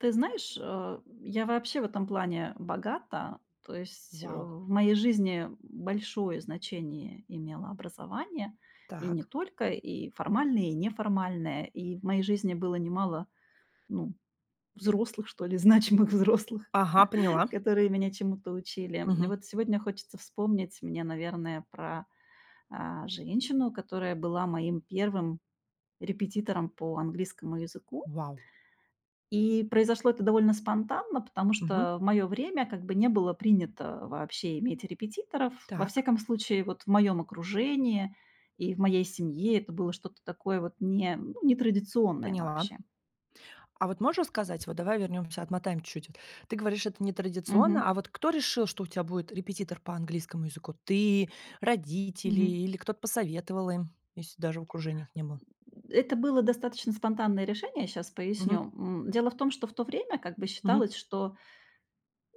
Ты знаешь, а я вообще в этом плане богата. То есть, э, Вау. в моей жизни большое значение имело образование, и не Так. только, и формальное, и неформальное. И в моей жизни было немало, ну, взрослых, что ли, значимых взрослых, Ага, поняла. которые меня чему-то учили. И Мгм. вот сегодня хочется вспомнить мне, наверное, про, а, женщину, которая была моим первым репетитором по английскому языку. Вау. И произошло это довольно спонтанно, потому Мгм. что в моё время как бы не было принято вообще иметь репетиторов. Во Так. всяком случае, вот, в моём окружении и в моей семье это было что-то такое вот не ну, не традиционное Поняла. вообще. А вот можешь рассказать, вот давай вернёмся, отмотаем чуть-чуть вот. Ты говоришь, это нетрадиционно, а Мгм. вот кто решил, что у тебя будет репетитор по английскому языку? Ты, родители Мгм. или кто-то посоветовал им, если даже в окружениях не было? Э это было достаточно спонтанное решение, сейчас Мгм. поясню. М. Дело в том, что в то время, как бы, Мгм. считалось, что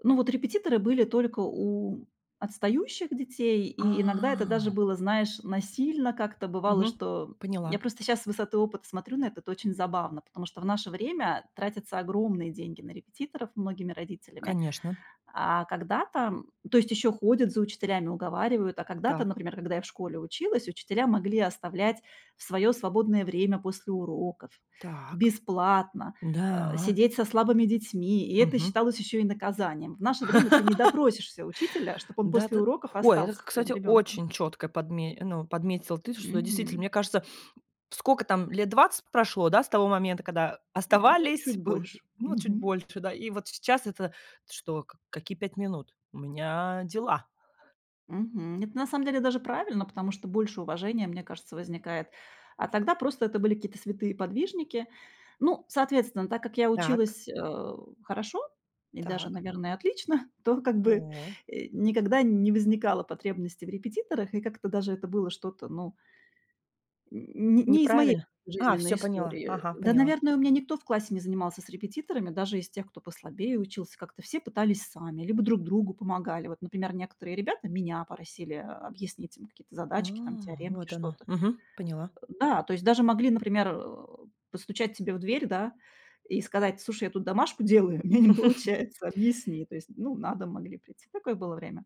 Ну, вот репетиторы были только у отстающих детей, А. и иногда это даже было, знаешь, насильно как-то бывало, Мгм. что, м, я Поняла. просто сейчас с высоты опыта смотрю на это. Это очень забавно, потому что в наше время тратятся огромные деньги на репетиторов многими родителями. Конечно. А когда-то то есть ещё ходят за учителями, уговаривают. А когда-то, Так. например, когда я в школе училась, учителя могли оставлять в своё свободное время после уроков Так. бесплатно, а, Да. сидеть со слабыми детьми, и это Мгм. считалось ещё и наказанием. В наше время ты не допросишься учителя, чтобы он Да, после ты уроков Ой, это остался ты, с твоим кстати, ребёнком. очень чётко подме ну, подметила ты, что действительно, Мгм. мне кажется, сколько там, 20 лет прошло, да, с того момента, когда Ну, оставались, чуть было больше. ну, чуть Мгм. больше, да, и вот сейчас это что? Как какие 5 минут? У меня дела. Мгм. Это на самом деле даже правильно, потому что больше уважения, мне кажется, возникает. А тогда просто это были какие-то святые подвижники. Ну, соответственно, так как я Так. училась, э, хорошо и даже, Так. наверное, отлично, то как бы, О. э, никогда не возникало потребности в репетиторах, и как-то даже это было что-то, ну Н не не из моей Неправильно. А, жизненной всё поняла, истории. ага, Да, поняла. наверное, у меня никто в классе не занимался с репетиторами, даже из тех, кто послабее учился, как-то все пытались сами либо друг другу помогали. Вот, например, некоторые ребята меня просили, а, объяснить им какие-то А. задачки, там, теоремки, Вот оно, что-то. мгм, поняла. Э, да, то есть даже могли, например, э, постучать тебе в дверь, да и сказать: "Слушай, я тут домашку делаю, у меня не получается, объясни". То есть, ну, на дом могли прийти. Такое было время.